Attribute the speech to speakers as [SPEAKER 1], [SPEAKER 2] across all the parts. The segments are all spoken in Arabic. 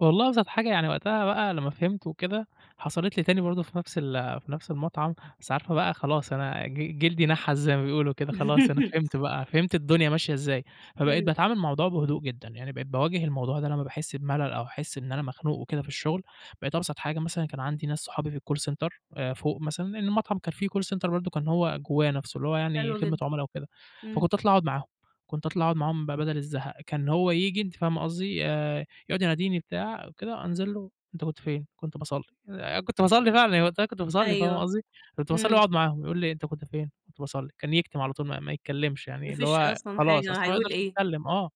[SPEAKER 1] والله أبسط حاجة يعني وقتها بقى على ما فهمت وكده، حصلِت لي تاني برضه في نفس ال في نفس المطعم، بس عارفة بقى خلاص أنا ج جلدي نحس زي ما بيقولوا كده خلاص أنا فهمت بقى، فهمت الدنيا ماشية إزاي، فبقيت
[SPEAKER 2] إمم.
[SPEAKER 1] باتعامل مع الموضوع بهدوء جدًا، يعني بقيت باواجه الموضوع ده لمّا باحس بملل أو أحس إن أنا مخنوق وكده في الشغل، بقيت أبسط حاجة مثلًا كان عندي ناس صُحابي في الcall center آآ، فوق مثلًا لإنه المطعم كان فيه call center برضه كان هو جواه نفسه، اللي هو يعني
[SPEAKER 2] حلو
[SPEAKER 1] خدمة
[SPEAKER 2] جدً.ا
[SPEAKER 1] عملا وكده.
[SPEAKER 2] إمم.
[SPEAKER 1] فكُنت أطلع أقعد معاهم، كنت أطلع أقعد معاهم ب بدل الزهق، كان هو ييجي، أنتِ فاهمة قصدي؟ آآ، يقعد يناديني بتاع وكده، أنزل له "أنت كنت فين؟" كنت باصَلّي، آآ، كُنت باصلي فعلًا يعني وقتها كُنت باصلي، فاهمة
[SPEAKER 2] أيوه،
[SPEAKER 1] قصدي؟ كُنت باصلّي
[SPEAKER 2] إمم.
[SPEAKER 1] وأقعد معاهم، يقول لي إيه، "أنت كنت فين؟" "كُنت باصَلّي." كان يكتم على طول، ما ما يتكلمش،
[SPEAKER 2] ما
[SPEAKER 1] يعني اللي
[SPEAKER 2] فيش
[SPEAKER 1] هو
[SPEAKER 2] أصلًا
[SPEAKER 1] خلاص، أصل
[SPEAKER 2] حاجة،
[SPEAKER 1] هو ما
[SPEAKER 2] هيقول
[SPEAKER 1] يقدرش
[SPEAKER 2] إيه؟
[SPEAKER 1] يتكلم، آه،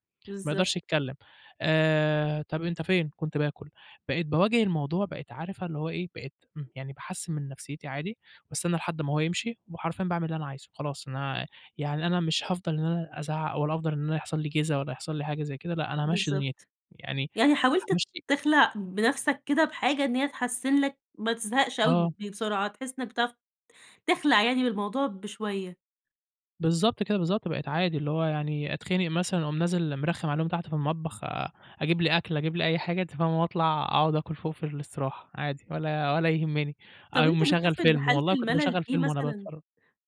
[SPEAKER 1] ما أقدرش
[SPEAKER 2] بالضبط.
[SPEAKER 1] أتكلم آآ، "طب أنت فين؟" "كنت باكل." بقيت باواجه الموضوع، بقيت عارفة اللي هو إيه، بقيت م يعني باحسّن من نفسيتي عادي، باستنى لحد ما هو يمشي وحرفيًا باعمل اللي أنا عايزه، خلاص، أنا يعني أنا مش هافضل إن أنا أزعل أو أفضل إن يحصل لي جِزا ولا يحصل لي حاجة زي كده، لا، أنا هامَشّي دنيتي
[SPEAKER 2] بالضبط.
[SPEAKER 1] يعني
[SPEAKER 2] يعني حاولت
[SPEAKER 1] هامَشّي
[SPEAKER 2] تخلع بنفسك كده بحاجة إن هي تحسن لك ما تزهقش أوي
[SPEAKER 1] آه.
[SPEAKER 2] بي بسرعة، تحس إنّك بتعرف تخلع يعني بالموضوع بشوية.
[SPEAKER 1] بالضبط كده، بالضبط، بقيت عادي، اللي هو يعني أتخنق مثلًا أقوم نازل مرخّم عليهم تحت في المطبخ، أ أجيب لي أكل أجيب لي أي حاجة، أنتِ فاهمة؟ وأطلع أقعُد آكل فوق في الاستراحة. عادي ولا ولا يهمّني،
[SPEAKER 2] طب
[SPEAKER 1] أقوم
[SPEAKER 2] أنت
[SPEAKER 1] مشغّل
[SPEAKER 2] بتشوف إن
[SPEAKER 1] فيلم،
[SPEAKER 2] حالة
[SPEAKER 1] والله كنت
[SPEAKER 2] الملل
[SPEAKER 1] باشغّل
[SPEAKER 2] دي
[SPEAKER 1] فيلم وأنا
[SPEAKER 2] مثلًا
[SPEAKER 1] باتفرّج.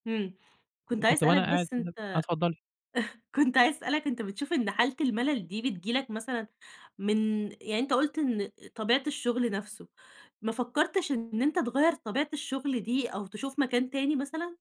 [SPEAKER 2] أمم،
[SPEAKER 1] ك
[SPEAKER 2] كنت عايزة
[SPEAKER 1] كُنت
[SPEAKER 2] أسألك
[SPEAKER 1] وأنا قاعد
[SPEAKER 2] بس
[SPEAKER 1] كده
[SPEAKER 2] أنت
[SPEAKER 1] آه، اتفضّلي.
[SPEAKER 2] كنت عايزة أسألك أنت بتشوف إن حالة الملل دي، بتيجي لك مثلًا من يعني أنت قُلت إن طبيعة الشغل نفسه، ما فكّرتش إن أنت تغيّر طبيعة الشغل دي أو تشوف مكان تاني مثلًا؟